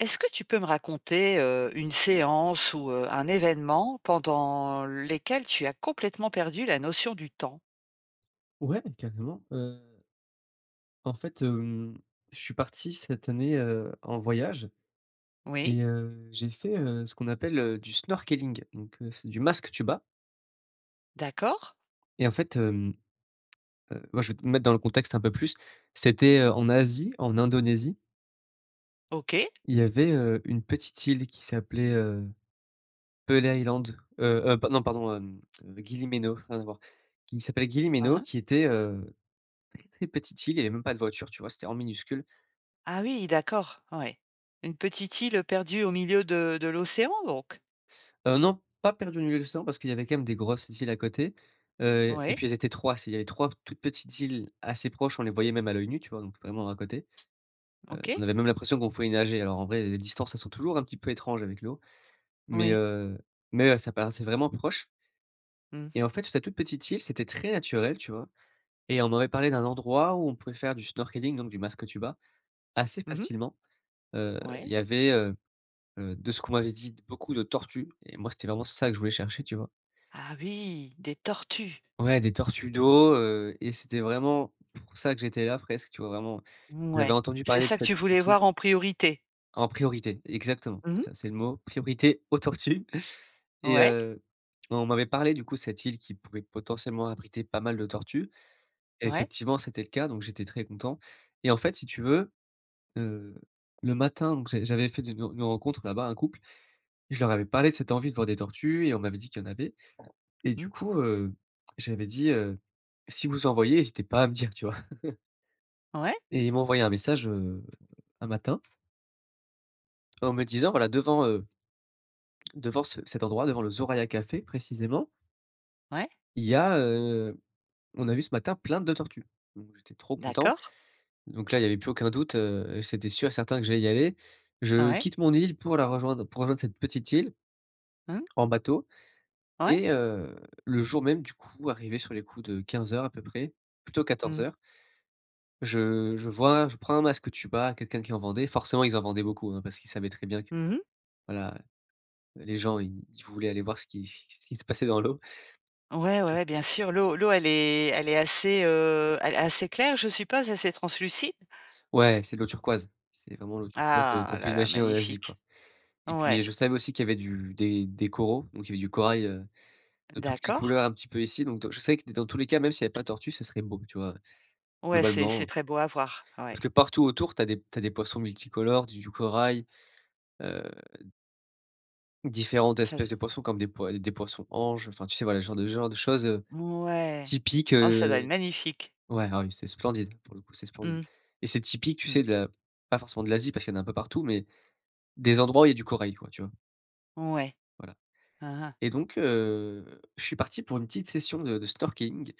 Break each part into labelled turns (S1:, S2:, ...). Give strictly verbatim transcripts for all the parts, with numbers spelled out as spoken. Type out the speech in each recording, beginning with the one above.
S1: Est-ce que tu peux me raconter, heu, une séance ou heu, un événement pendant lesquels tu as complètement perdu la notion du temps?
S2: Ouais, carrément, heu en fait, hem, je suis parti cette année, heu, en voyage
S1: Oui.
S2: et heu, j'ai fait, heu, ce qu'on appelle, heu, du snorkeling, donc heu, c'est du masque tuba.
S1: D'accord.
S2: Et en fait, hem, heu, moi je vais te mettre dans le contexte un peu plus, c'était en Asie en Indonésie
S1: OK.
S2: il y avait, heu, une petite île qui s'appelait, heu, Pehl Island, heu, heu, non pardon, hem, Gili Meno, rien à voir, qui s'appelle Gili
S1: Hein
S2: Meno
S1: hein.
S2: qui était, heu, très petite île, il y avait même pas de voiture tu vois? C'était vraiment minuscule.
S1: Ah oui, d'accord, ouais, une petite île, heu, perdue au milieu de de l'océan donc?
S2: Heu, non, pas perdue au milieu de l'océan parce qu'il y avait quand même des grosses îles à côté, heu, et
S1: Oui.
S2: puis elles étaient trois, c'est il y avait trois toutes petites îles assez proches, on les voyait même à l'oeil nu, tu vois donc vraiment à côté. Heu,
S1: OK.
S2: on avait même l'impression qu'on pouvait nager, alors en vrai les distances elles sont toujours un petit peu étranges avec l'eau mais
S1: Oui.
S2: heu, mais heu, ça paraissait vraiment proche
S1: Mmh.
S2: et en fait sur cette toute petite île c'était très naturel, tu vois? Et on m'avait parlé d'un endroit où on pouvait faire du snorkeling donc du masque tuba assez
S1: Mmh mh.
S2: facilement. Heu, il
S1: Ouais.
S2: y avait, heu heu, de ce qu'on m'avait dit: «beaucoup de tortues» et moi c'était vraiment ça que je voulais chercher, tu vois?
S1: Ah oui, des tortues!
S2: Ouais des tortues d'eau, heu, et c'était vraiment pour ça que j'étais là presque, tu vois vraiment, j'avais
S1: Mouais,
S2: entendu
S1: c'est
S2: parler de
S1: ça que
S2: cette
S1: tu voulais
S2: petite île.
S1: voir en priorité?
S2: En priorité exactement.
S1: Mmh
S2: C'est
S1: mh.
S2: ça, c'est le mot, priorité aux tortues et
S1: Ouais.
S2: heu, on m'avait parlé du coup de cette île qui pouvait potentiellement abriter pas mal de tortues.
S1: Ouais.
S2: Effectivement c'était le cas donc j'étais très content et en fait si tu veux, heu, le matin donc j'a j'avais fait de une une rencontre là-bas, un couple, je leur avais parlé de cette envie de voir des tortues et on m'avait dit qu'il y en avait. Et du
S1: Mmh.
S2: coup, heu, j'avais dit, heu, si vous en voyez, hésitez pas à me dire, tu vois?
S1: Ouais.
S2: Et ils m'ont envoyé un message, heu, un matin en me disant voilà, devant, heu devant ce cet endroit devant le Soraya café précisément
S1: Ouais.
S2: il y a, heu, on a vu ce matin plein de tortues donc j'étais trop content
S1: D'accord.
S2: donc là il y avait plus aucun doute, heu, c'était sûr et certain que j'allais y aller. Je
S1: Ouais.
S2: quitte mon île pour la rejoindre, pour rejoindre cette petite île
S1: Mmh.
S2: en bateau,
S1: Ouais.
S2: et heu, le jour même du coup arrivé sur les coups de quinze heures à peu près, plutôt quatorze
S1: Mmh.
S2: heures je je vois je prends un masque tuba quelqu'un qui en vendait forcément ils en vendaient beaucoup, hein, parce qu'ils savaient très bien que,
S1: Mmh mh.
S2: voilà les gens ils ils voulaient aller voir ce qui ce qui ce qui se passait dans l'eau.
S1: Ouais, ouais, ouais, bien sûr l'eau l'eau elle est elle est assez, heu, a assez claire je suppose, assez translucide?
S2: Ouais c'est de l'eau turquoise, c'est vraiment l'eau turquoise de
S1: Ah
S2: qu'on peut
S1: là là,
S2: imaginer en Asie quoi,
S1: magnifique!
S2: et puis, heu,
S1: Ouais.
S2: je savais aussi qu'il y avait du des des coraux donc il y avait du corail, heu, de toutes les
S1: D'accord.
S2: couleurs un petit peu ici, donc heu, je savais que dans tous les cas même s'il y avait pas de tortue, ce serait beau, tu vois?
S1: Ouais, c'est
S2: Globalement,
S1: c'est
S2: heu
S1: très beau à voir,
S2: parce
S1: ouais.
S2: que partout autour tu as des tu as des poissons multicolores du du corail, heu différentes
S1: Ça
S2: espèces de
S1: donne
S2: poissons comme des poi heu, des poissons‑anges enfin tu sais voilà ce genre de genre de choses, heu,
S1: Mouais.
S2: typiques,
S1: Oh ça doit être
S2: heu,
S1: magnifique.
S2: ouais, ah oui, c'est splendide pour le coup, c'est splendide,
S1: Mmh.
S2: et c'est typique tu
S1: Mmh.
S2: sais de la pas forcément de l'Asie parce qu'il y en a un peu partout mais des endroits où il y a du corail quoi, tu vois?
S1: Ouais.
S2: Voilà,
S1: Hein, hein.
S2: et donc heu, je suis parti pour une petite session de de snorkeling,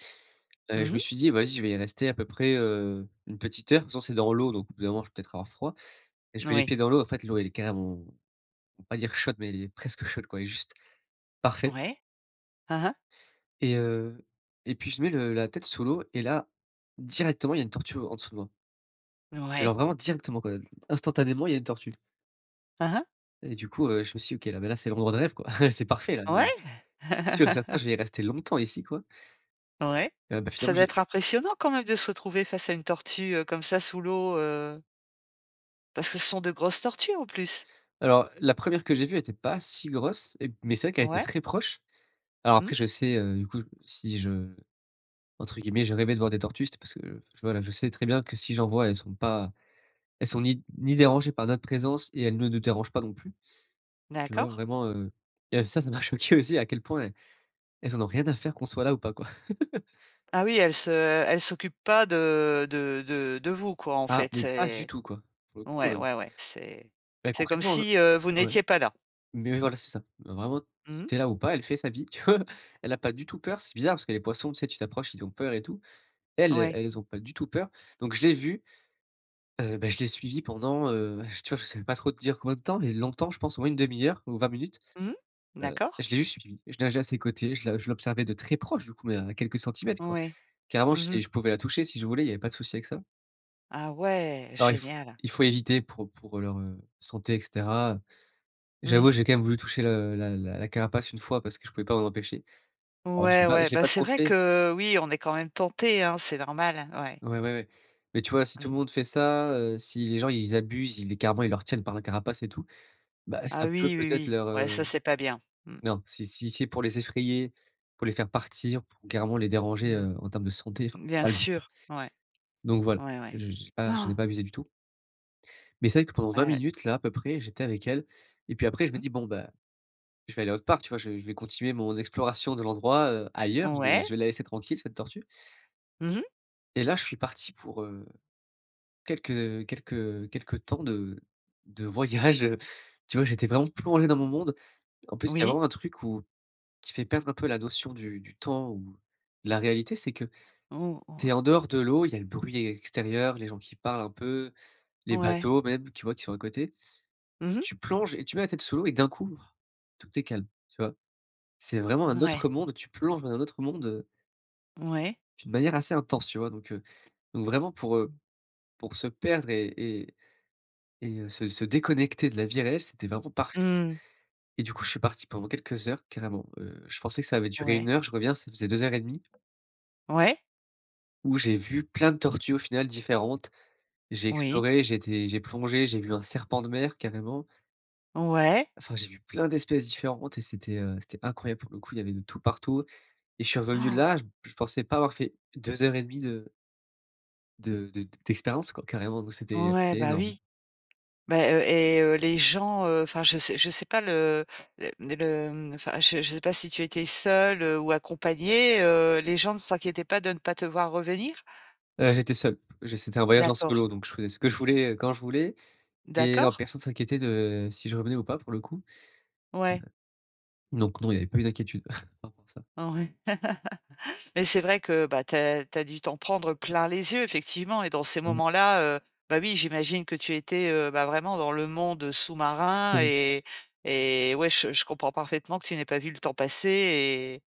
S2: heu, je
S1: Mmh
S2: me
S1: mh.
S2: suis dit: «Vas-y je vais y rester à peu près, heu, une petite heure en même temps c'est dans l'eau donc au bout d'un moment je vais peut-être avoir froid et je mets les
S1: Oui.
S2: pieds dans l'eau en fait l'eau elle est carrément on va pas dire chaude mais elle est presque chaude quoi elle est juste parfaite.
S1: Ouais. Hein, hein.
S2: Et heu, et puis je mets le la tête sous l'eau et là, directement il y a une tortue, heu, en dessous de moi alors
S1: Ouais.
S2: vraiment directement quoi, instantanément il y a une tortue.
S1: Hein, hein.
S2: Et du coup, heu, je me suis dit: «OK là mais là c'est le moment de rêve quoi, c'est parfait là mais
S1: Ouais.
S2: c'est sûr et certain je vais rester longtemps ici quoi».
S1: Ouais,
S2: Ah bah
S1: ça
S2: finalement
S1: doit
S2: j'ai
S1: être impressionnant quand même de se retrouver face à une tortue, heu, comme ça sous l'eau, heu parce que ce sont de grosses tortues en plus?
S2: Alors la première que j'ai vue était pas si grosse et mais c'est vrai qu'elle été
S1: Ouais.
S2: très proche, alors
S1: Mmh.
S2: après je sais, heu, du coup si je entre guillemets «je rêvais de voir des tortues» c'était parce que, voilà, je sais très bien que si j'en voie, elles sont pas elles sont ni ni dérangées par notre présence et elles ne nous dérangent pas non plus. Tu vois,
S1: D'accord.
S2: vraiment, heu, et ça, ça m'a choqué aussi à quel point elles elles en ont rien à faire qu'on soit là ou pas quoi.
S1: Ah oui, elles se elles s'occupent pas de de de de vous quoi en
S2: Ah,
S1: fait,
S2: mais pas du
S1: et
S2: tout quoi, pour le coup,
S1: ouais,
S2: heu
S1: ouais, ouais, c'est
S2: Bah,
S1: c'est comme
S2: concrètement le
S1: si, heu, vous
S2: ouais,
S1: n'étiez pas là.
S2: mais, voilà c'est ça. Heu, vraiment si
S1: Mmh.
S2: tu es là ou pas elle fait sa vie, tu vois? Elle a pas du tout peur c'est bizarre, parce que les poissons tu sais tu t'approches ils ont peur et tout. Elles,
S1: Ouais.
S2: elles ont pas du tout peur donc je l'ai vue, heu, bah, je l'ai suivie pendant, heu, tu vois je saurais pas trop te dire combien de temps, mais longtemps je pense au moins une demi heure ou vingt minutes,
S1: Mmh,
S2: heu,
S1: d'accord.
S2: je l'ai juste suivie. Je nageais à ses côtés, je la je l'observais de très proche du coup, heu, à quelques centimètres quoi.
S1: Ouais,
S2: Carrément
S1: mmh mh.
S2: c'est je pouvais la toucher si je voulais, il y avait pas de souci avec ça.
S1: Ah ouais,
S2: Alors il f
S1: génial!
S2: il faut éviter pour pour leur, heu, santé et cetera. J'avoue,
S1: Mmh.
S2: j'ai quand même voulu toucher le la la la carapace une fois parce que je pouvais pas m'en empêcher. Alors je l'ai
S1: Ouais,
S2: pas
S1: ouais,
S2: je l'ai
S1: bah,
S2: pas
S1: c'est
S2: trop
S1: vrai
S2: fait
S1: que, oui, on est quand même tentés, hein, c'est normal, hein, ouais.
S2: Ouais, ouais, ouais, mais tu vois si tout
S1: Mmh.
S2: le monde fait ça, heu, si les gens ils abusent, ils les carrément, ils leur tiennent par la carapace et tout, bah,
S1: Ah
S2: ça peut,
S1: oui, oui,
S2: peut-être
S1: oui.
S2: leur,
S1: Ouais
S2: heu,
S1: ça, c'est pas bien, mmh.
S2: non, si si c'est pour les effrayer, pour les faire partir pour carrément les déranger,
S1: Mmh.
S2: heu, en termes de santé enfin c'est
S1: Bien
S2: pas le but,
S1: sûr, ouais,
S2: donc voilà,
S1: ouais,
S2: je
S1: ouais.
S2: je j'ai pas, je n'ai pas abusé du tout. Mais c'est vrai que pendant vingt
S1: Et
S2: minutes là à peu près j'étais avec elle et puis après je me
S1: Mmh.
S2: dis: «Bon bah, je vais aller autre part» tu vois? Je je vais continuer mon exploration de l'endroit, heu, ailleurs, je vais
S1: Ouais.
S2: je vais la laisser tranquille cette tortue.
S1: Mmh mh.
S2: Et là je suis parti pour, heu, quelques quelques quelques temps de de voyage, heu, tu vois, j'étais vraiment plongé dans mon monde. En plus il y a
S1: Oui.
S2: vraiment un truc où qui fait perdre un peu la notion du du temps ou la réalité c'est que,
S1: Ou
S2: tu es
S1: wow.
S2: en dehors de l'eau, il y a le bruit extérieur, les gens qui parlent un peu, les
S1: Ouais.
S2: bateaux même tu vois qui sont à côté.
S1: Mmh mh.
S2: Tu plonges et tu mets la tête sous l'eau et d'un coup, tout est calme, tu vois? C'est vraiment un autre
S1: Ouais.
S2: monde, tu plonges dans un autre monde, heu
S1: Mouais.
S2: d'une manière assez intense, tu vois? Donc heu, donc vraiment pour, heu, pour se perdre et et et heu, se se déconnecter de la vie réelle, c'était vraiment parfait quoi,
S1: Mmh.
S2: et du coup je suis parti pendant quelques heures carrément, heu, je pensais que ça avait duré une
S1: Ouais.
S2: heure, je reviens ça faisait deux heures et demi
S1: Ouais.
S2: où j'ai vu plein de tortues au final différentes, j'ai
S1: Oui.
S2: exploré, j'ai été j'ai plongé, j'ai vu un serpent de mer carrément
S1: Ouais.
S2: enfin j'ai vu plein d'espèces différentes et c'était, heu, c'était incroyable pour le coup il y avait de tout partout, et je suis revenu là, je je pensais pas avoir fait deux heures et demi de de de d'expériences quoi, carrément donc c'était
S1: Ouais,
S2: c'était
S1: bah,
S2: énorme.
S1: oui. Bah, heu, et heu, les gens, heu, enfin je sais je sais pas le les les le mmh, enfin je je sais pas si tu étais seule, heu, ou accompagnée, heu, les gens ne s'inquiétaient pas de ne pas te voir revenir?
S2: Heu, j'étais seul, je c'était un voyage en
S1: D'accord.
S2: solo donc je faisais ce que je voulais, heu, quand je voulais, et non
S1: D'accord.
S2: personne s'inquiétait de, si je revenais ou pas pour le coup. Me
S1: Ouais.
S2: donc non, il y avait pas eu d'inquiétude par rapport à ça.
S1: Ouais, mais c'est vrai que, bah, tu as tu as dû t'en prendre plein les yeux effectivement et dans ces
S2: Ouais.
S1: moments-là, heu, bah, oui, j'imagine que tu étais, heu, bah, vraiment dans le monde sous-marin
S2: Ouais.
S1: et et ouais, je je comprends parfaitement que tu n'ai pas vu le temps passer et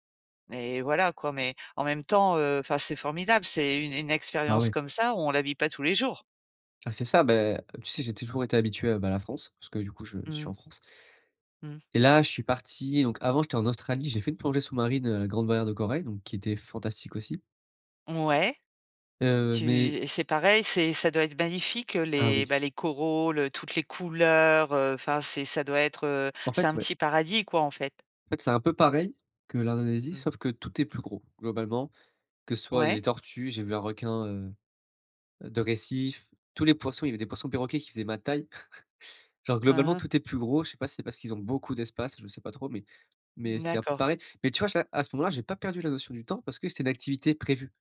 S1: et voilà quoi, mais en même temps, heu, enfin, c'est formidable. C'est une une
S2: Ah
S1: expérience
S2: oui.
S1: comme ça, on la vit pas tous les jours.
S2: Ah c'est ça, bah, tu sais j'ai toujours été habitué, heu, bah, à la France parce que du coup je je suis en
S1: Mmh.
S2: France
S1: Mmh.
S2: et là je suis parti, donc avant j'étais en Australie j'ai fait une plongée sous-marine, heu, grande barrière de corail donc qui était fantastique aussi
S1: Ouais,
S2: heu,
S1: tu
S2: mais
S1: et c'est pareil, c'est ça doit être magnifique, heu,
S2: Ah
S1: les,
S2: oui.
S1: bah, les coraux, le toutes les couleurs, heu, enfin c'est ça doit être, heu,
S2: En
S1: c'est
S2: fait,
S1: un
S2: ouais.
S1: petit paradis quoi en fait.
S2: En fait c'est un peu pareil, que l'Indonésie
S1: Mmh.
S2: sauf que tout est plus gros, globalement, que soit les
S1: Ouais.
S2: tortues, j'ai vu un requin, heu, de récif, tous les poissons. Il y avait des poissons perroquets qui faisaient ma taille, genre
S1: Hein,
S2: globalement
S1: hein.
S2: tout est plus gros. Je sais pas si c'est parce qu'ils ont beaucoup d'espace, je sais pas trop mais mais
S1: Mmh
S2: c'était un peu
S1: d'accord.
S2: pareil, mais tu vois, j'ai à ce moment-là j'ai pas perdu la notion du temps parce que c'était une activité prévue.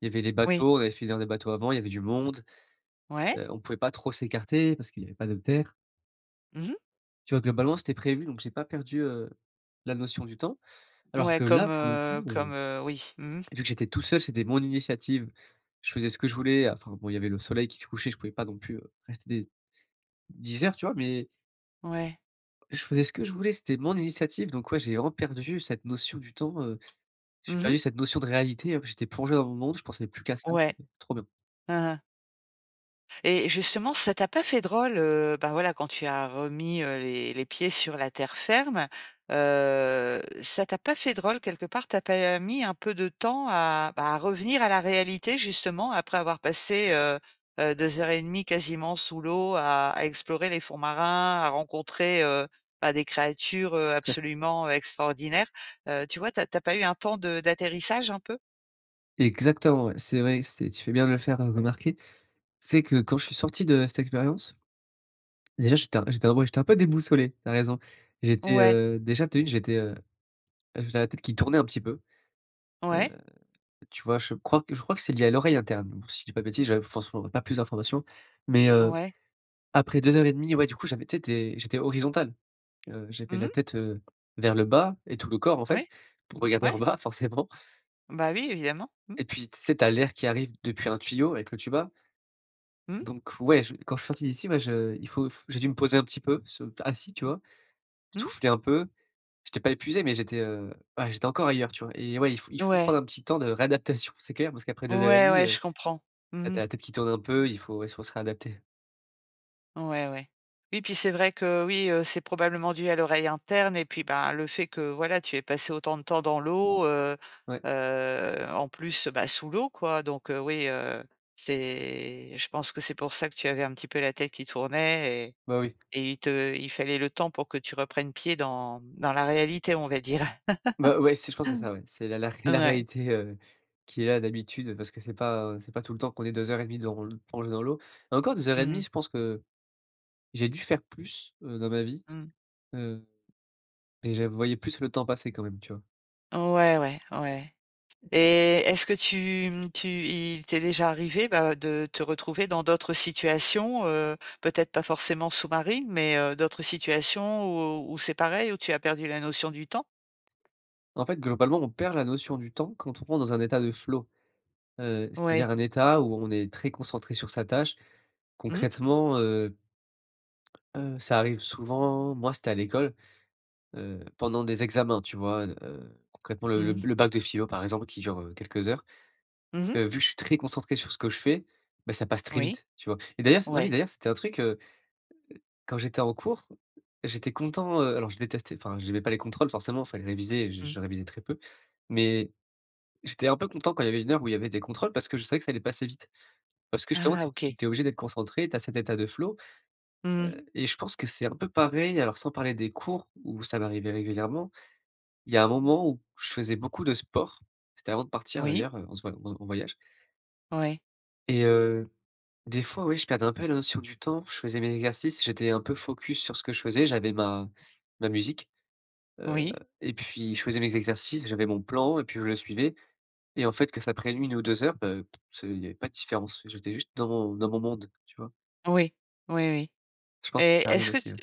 S2: Il y avait les
S1: Oui.
S2: bateaux, on avait fait venir des bateaux avant, il y avait du monde.
S1: Ouais.
S2: Heu, on pouvait pas trop s'écarter parce qu'il y avait pas de terre.
S1: Mmh mh.
S2: Tu vois globalement, c'était prévu, donc j'ai pas perdu, heu, la notion du temps. Alors
S1: Ouais,
S2: que
S1: comme,
S2: là, pour le
S1: heu
S2: coup. Heu,
S1: comme heu oui. Mmh mh.
S2: et vu que j'étais tout seul, c'était mon initiative, je faisais ce que je voulais, heu, enfin, bon, il y avait le soleil qui se couchait je pouvais pas non plus, heu, rester des dix heures, tu vois? Mais
S1: Ouais.
S2: je faisais ce que je voulais c'était mon initiative, donc, ouais, j'ai vraiment perdu cette notion du temps, heu, j'ai
S1: Mmh mh.
S2: perdu cette notion de réalité, hop, j'étais plongé dans mon monde, je pensais plus qu'à ça,
S1: Ouais.
S2: c'était trop bien.
S1: Han han. Et, et justement ça t'a pas fait drôle, heu, ben voilà quand tu as remis, heu les les pieds sur la terre ferme? Heu, ça t'a pas fait drôle, quelque part? Tu as pas mis un peu de temps à bah, à revenir à la réalité justement après avoir passé, heu heu, deux heures et demie, quasiment sous l'eau à à explorer les fonds marins, à rencontrer, heu, bah, des créatures, heu,
S2: [unintelligible]
S1: absolument extraordinaires? Heu, tu vois, tu as tu as pas eu un temps de d'atterrissage un peu?
S2: Exactement, ouais. C'est vrai que c'est tu fais bien le faire, heu, remarquer. Tu sais que quand je suis sorti de cette expérience. Déjà, j'étais un j'était vraiment j'étais un peu déboussolé, tu as raison. J'étais,
S1: Ouais.
S2: heu déjà tu as vu, j'étais, heu j'avais la tête qui tournait un petit peu, heu,
S1: Ouais.
S2: tu vois? Je crois que je crois que c'est lié à l'oreille interne, alors si je dis pas de bêtises, j'avais forcément p pas plus d'informations. Mais, heu,
S1: Ouais.
S2: après deux heures et demie ouais, du coup, j'avais tu sais, tu es j'étais horizontal. Heu, j'avais
S1: Mmh
S2: la
S1: mh.
S2: tête, heu, vers le bas et tout le corps en fait
S1: Oui.
S2: pour regarder
S1: Ouais.
S2: en bas, forcément.
S1: Bah oui, évidemment. Mmh.
S2: Et puis tu sais, tu as l'air qui arrive depuis un tuyau avec le tuba.
S1: Mmh.
S2: Donc ouais, je quand je suis sorti d'ici, bah, je il faut f j'ai dû me poser un petit peu, ce p assis, tu
S1: Mmh.
S2: vois?
S1: Mmh.
S2: Souffler un peu, j'étais pas épuisé mais j'étais, heu, ah, j'étais encore ailleurs, tu vois? Et ouais, il faut il
S1: N
S2: faut prendre
S1: ouais.
S2: un petit temps de réadaptation, c'est clair, parce qu'après deux heures et
S1: Ouais,
S2: demie,
S1: ouais, je
S2: heu,
S1: comprends.
S2: bah, tu
S1: Mmh
S2: as
S1: mh.
S2: la tête qui tourne un peu, il faut il faut se réadapter.
S1: Ouais, ouais, et puis, c'est vrai que, oui, heu, c'est probablement dû à l'oreille interne, et puis, bah, le fait que, voilà, tu aies passé autant de temps dans l'eau, heu,
S2: Ouais.
S1: heu, en plus, bah, sous l'eau, quoi, donc heu, oui, heu, c'est je pense que c'est pour ça que tu avais un petit peu la tête qui tournait et
S2: Bah, oui.
S1: et il te il fallait le temps pour que tu reprennes pied dans dans la réalité, on va dire.
S2: Bah, ouais, si, je pense que c'est ça, ouais, c'est la la ré c'est la
S1: Ouais.
S2: réalité, heu, qui est là d'habitude, parce que c'est pas c'est pas tout le temps qu'on est deux heures et demie dans l qu'on est dans l'eau. Encore deux heures et demie,
S1: Mmh.
S2: je pense que j'ai dû faire plus, heu, dans ma vie,
S1: Mmh.
S2: hem, mais j'a voyais plus le temps passer quand même, tu vois?
S1: Ouais, ouais, ouais. Et est-ce que tu, mmh, tu il t'est déjà arrivé, bah, de te retrouver dans d'autres situations, heu, peut-être pas forcément sous-marines, mais heu, d'autres situations où où c'est pareil, où tu as perdu la notion du temps?
S2: En fait, globalement, on perd la notion du temps quand on rentre dans un état de flow, heu, c'est-à-dire,
S1: Ouais.
S2: un état où on est très concentré sur sa tâche,
S1: Mmh.
S2: concrètement, heu heu, ça arrive souvent. Moi, c'était à l'école, heu, pendant des examens, tu vois? Heu, concrètement, le le
S1: Mmh.
S2: b le bac de philo, par exemple, qui dure, heu, quelques heures.
S1: Mmh mh.
S2: Heu, vu que je suis très concentré sur ce que je fais, ben, ça passe très
S1: Oui.
S2: vite, tu vois? Et d'ailleurs c ah oui,
S1: Ouais.
S2: d'ailleurs, c'était un truc, heu heu, quand j'étais en cours, j'étais content, heu, alors je détestais, enfin, j'aimais pas les contrôles, forcément, il fallait réviser et je
S1: Mmh.
S2: je révisais très peu, mais j'étais un peu content quand il y avait une heure où il y avait des contrôles parce que je savais que ça allait passer vite, parce que, justement,
S1: Ah
S2: tu es tu
S1: OK.
S2: tu es obligé d'être concentré, tu as cet état de flow.
S1: Mmh mh.
S2: Heu, et je pense que c'est un peu pareil, heu, alors sans parler des cours où ça va m'arrivais régulièrement, il y a un moment où je faisais beaucoup de sport, c'était avant de partir,
S1: Oui.
S2: d'ailleurs, en ce voy en en voyage.
S1: Ouais.
S2: Et heu, des fois, ouais, je perdais un peu la notion du temps, je faisais mes exercices, j'étais un peu focus sur ce que je faisais, j'avais ma ma musique, heu,
S1: Oui.
S2: et puis je faisais mes exercices, j'avais mon plan et puis je le suivais et en fait, que ça prenne une ou deux heures, heu, p ce il y avait pas de différences, j'étais juste dans mon dans mon monde, tu vois?
S1: Oui, oui, oui
S2: Je pense que
S1: et
S2: ça arrive
S1: est-ce que
S2: aussi,
S1: tu
S2: oui.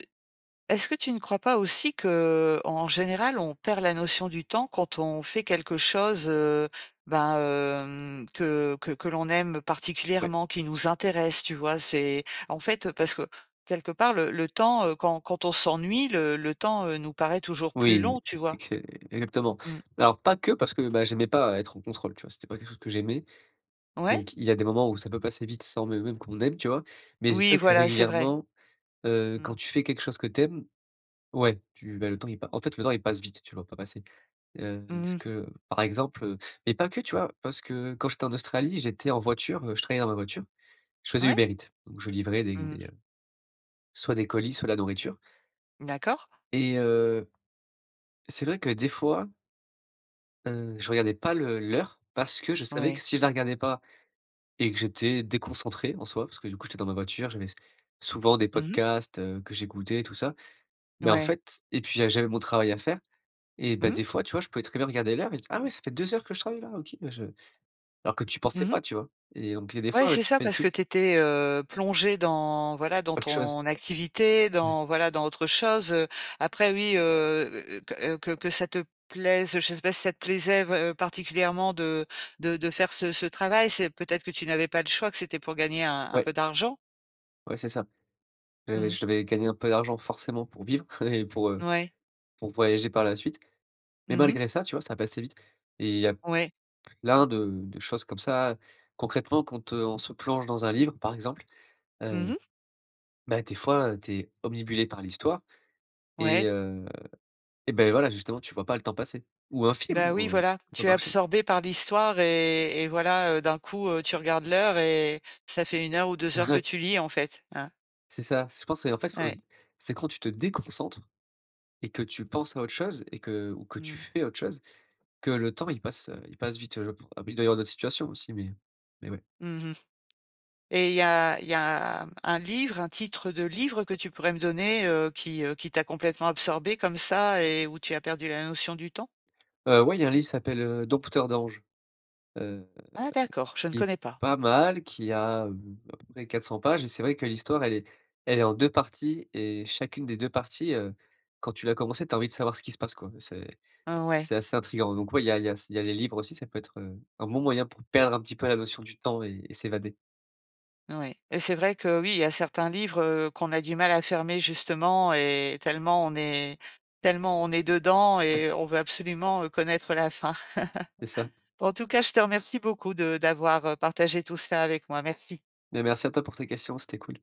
S1: est-ce que tu ne crois pas aussi qu'en général, on perd la notion du temps quand on fait quelque chose, heu, bah, hem, que que que l'on aime
S2: Ouais.
S1: particulièrement, qui nous intéresse, tu vois? C'est en fait, heu, parce que quelque part le le temps, heu, quand quand on s'ennuie, le le temps, heu, nous paraît toujours plus
S2: Oui,
S1: long, tu vois?
S2: exé exactement,
S1: Mmh.
S2: alors pas que parce que, bah, j'aimais pas être en contrôle, tu vois? C'était pas quelque chose que j'aimais
S1: Ouais.
S2: donc il y a des moments où ça peut passer vite sans même même qu'on aime, tu vois? Mais c'est
S1: Oui,
S2: sûr que
S1: voilà, c'est vrai.
S2: régulièrement, heu,
S1: Mmh.
S2: quand tu fais quelque chose que tu aimes, ouais, tu bah, le temps, il pa en fait, le temps il passe vite, tu le vois pas passer, heu, est
S1: Mmh
S2: ce
S1: mh.
S2: que par exemple, heu, mais pas que, tu vois? Parce que quand j'étais en Australie, j'étais en voiture, heu, je travaillais dans ma voiture, je faisais
S1: Ouais.
S2: Uber Eat donc je livrais des des
S1: Mmh.
S2: soit des colis, soit la nourriture
S1: D'accord.
S2: et heu, c'est vrai que des fois heu, je regardais pas le l'heure parce que je savais que
S1: Ouais.
S2: si je la regardais pas et que j'étais déconcentré, en soi, parce que du coup, j'étais dans ma voiture, j'avais s souvent des
S1: Mmh mh.
S2: podcasts, heu, que j'écoutais, tout ça mais en
S1: Ouais.
S2: fait et puis, heu, j'avais mon travail à faire et bah,
S1: Mmh.
S2: des fois, tu vois? Je pouvais très bien regarder l'heure, et dire: «Ah ouais! Ça fait deux heures que je travaille-là, OK», bah, je alors que tu pensais
S1: Mmh mh.
S2: pas, tu vois? Et donc il y a des
S1: Ouais,
S2: fois, ouais
S1: c'est
S2: tu
S1: ça
S2: fais des
S1: parce que
S2: trucs
S1: tu étais, heu, plongé dans, voilà, dans
S2: Autre chose.
S1: ton activité,
S2: Mmh.
S1: dans, voilà, dans autre chose, heu, après, oui, heu, heu heu, q heu, que que ça te plaise, je sais pas si ça te plaisait vrai heu, particulièrement de de de faire ce ce travail. C'est peut être que tu n'avais pas le choix que c'était pour gagner un un
S2: Ouais.
S1: peu d'argent.
S2: Ouais, c'est ça. Ouais, ouais,
S1: Mmh.
S2: je devais gagner un peu d'argent forcément pour vivre et pour, heu,
S1: Ouais.
S2: pour voyager par la suite mais
S1: Mmh mh.
S2: malgré ça, tu vois? Ça passait vite et il y a
S1: Ouais.
S2: plein de de choses comme ça. Concrètement quand, heu, on se plonge dans un livre, par exemple,
S1: Mmh
S2: heu,
S1: mh.
S2: bah, des fois, tu es omnibulé par l'histoire et
S1: Ouais.
S2: heu, et beh, voilà, justement, tu vois pas le temps passer, ou un film,
S1: Bah, oui,
S2: hein,
S1: voilà,
S2: ça peut
S1: tu es
S2: marcher.
S1: absorbée par l'histoire et et voilà, heu, d'un coup, heu, tu regardes l'heure et ça fait un heure ou deux heures que
S2: Ouais.
S1: tu lis, en fait, hein.
S2: C'est ça, c'est je pense en fait faut
S1: Ouais.
S2: c'est quand tu te déconcentres et que tu penses à autre chose et que ou que tu
S1: Mmh.
S2: fais autre chose, que le temps il passe, heu, il passe vite, je pen abi il doit y avoir d'autres situations aussi mais mais ouais.
S1: Mmh mh, et il y a il y a un livre, un titre de livre que tu pourrais me donner, heu, qui, heu qui t'a complètement absorbé comme ça et où tu as perdu la notion du temps?
S2: Heu, ouais il y a un livre, il s'appelle, heu, Dompteur d'Anges, heu,
S1: Ah d'accord, je ne
S2: qui est
S1: connais pas.
S2: pas mal, qui a hem, à peu près quatre cent pages, et c'est vrai que l'histoire, elle est elle est en deux parties et chacune des deux parties, heu, quand tu l'as commencée, tu as envie de savoir ce qui se passe quoi, mais c'est
S1: Heu, ouais.
S2: c'est assez intrigant, donc ouais, il y a il y a s il y a les livres aussi, ça peut être, heu, un bon moyen pour perdre un petit peu la notion du temps et et s'évader.
S1: Ouais, et c'est vrai que, oui, il y a certains livres, heu, qu'on a du mal à fermer justement, et tellement on est tellement on est dedans
S2: Ouais.
S1: et on veut absolument, heu, connaître la fin.
S2: C'est ça.
S1: En tout cas, je te remercie beaucoup de d'avoir partagé tout ça avec moi. Merci.
S2: Beh, merci à toi pour tes questions, c'était cool.